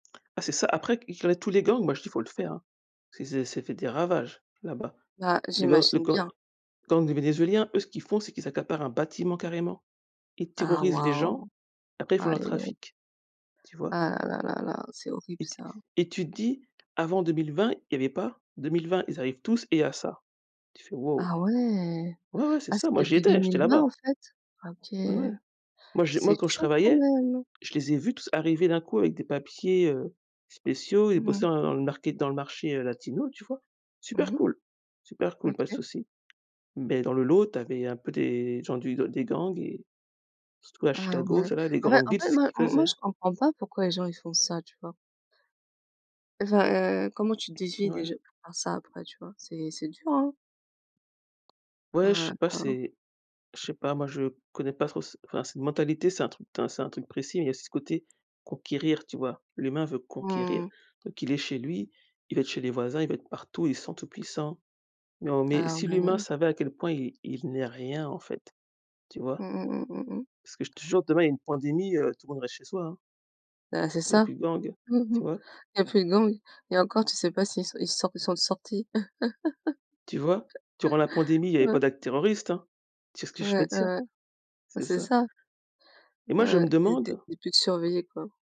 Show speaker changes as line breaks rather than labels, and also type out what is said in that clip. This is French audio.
Ah, c'est ça. Après, ils connaissent tous les
Mmh.
gangs. Moi je dis: «faut le faire, hein». C'est c'est ça fait des ravages, là-bas.
Là,
Les gangs les
j'imagine
gangs
bien.
les gangs des Vénézuéliens, eux, ce qu'ils font c'est qu'ils accaparent un bâtiment, carrément. Ils
Ah!
terrorisent les gens.
Waouh!
Après, ils font
Aïe,
leur
aïe, aïe.
trafic, tu vois?
Ah, là, là, là, c'est horrible,
Et t
ça.
et tu te dis: «Avant 2020, il y avait pas 2020, ils arrivent tous et il y a ça». Tu fais: «Waouh».
Ah, ouais!
Ouais, ouais, c'est
Ah,
ça.
c'est
Moi, j'y
depuis deux
étais. J'étais
mille vingt en
là-bas.
fait! Ah, OK,
Ouais, ouais. Moi, je
c'est
moi, quand je
chaud, quand
travaillais,
même.
je les ai vus tous arriver, d'un coup, avec des papiers, heu, spéciaux et
Mmh
bosser
mh.
dans le le market dans le marché, heu, latino, tu vois?
Mmh
Super
mh.
cool, super cool, pas de
OK.
souci. Beh, dans le lot, tu avais, un peu, des gens du des gangs et surtout à
Ah,
Chicago,
ouais,
c'est là, des
en fait
grandes
en
villes,
fait,
c'est ce
moi
qu'ils
moi,
faisaient.
je comprends pas pourquoi les gens, ils font ça. Tu vois? Enfin, heu, comment tu déduis
Ouais.
déjà pour faire ça, après, tu vois? c'est c'est dur, hein.
Ouais, je
Ah
sais
ouais.
pas,
Waouh.
c'est je sais pas. Moi je connais pas trop ce enfin, cette mentalité, c'est un truc d c'est un truc précis, mais il y a aussi ce côté «conquérir», tu vois? L'humain veut conquérir.
Mmh.
Donc il est chez lui, il veut être chez les voisins, il veut être partout, il se sent tout puissant. Non mais
Ah,
si l'humain
ouais.
savait à quel point il il il n'est rien, en fait, tu vois?
Mmh mh, mmh mh, mmh.
Parce que, je te jure, demain, il y une pandémie, heu, tout le monde reste chez soi, hein
Ben, c'est
il y a
ça.
plus de gang,
Mmh mh.
tu vois?
Il y a plus de gangs et encore tu sais pas s'ils s'ils sortent s'il sont sortis.
Tu vois, durant la pandémie, il y avait
Ouais.
pas d'actes terroristes, hein. Tu vois ce que
Ouais.
je veux
Ouais,
dire?
ouais, ben,
C'est
c'est
ça.
ça.
Et moi,
Ouais,
je
ouais
me
et des
demande
et puis de surveiller, quoi.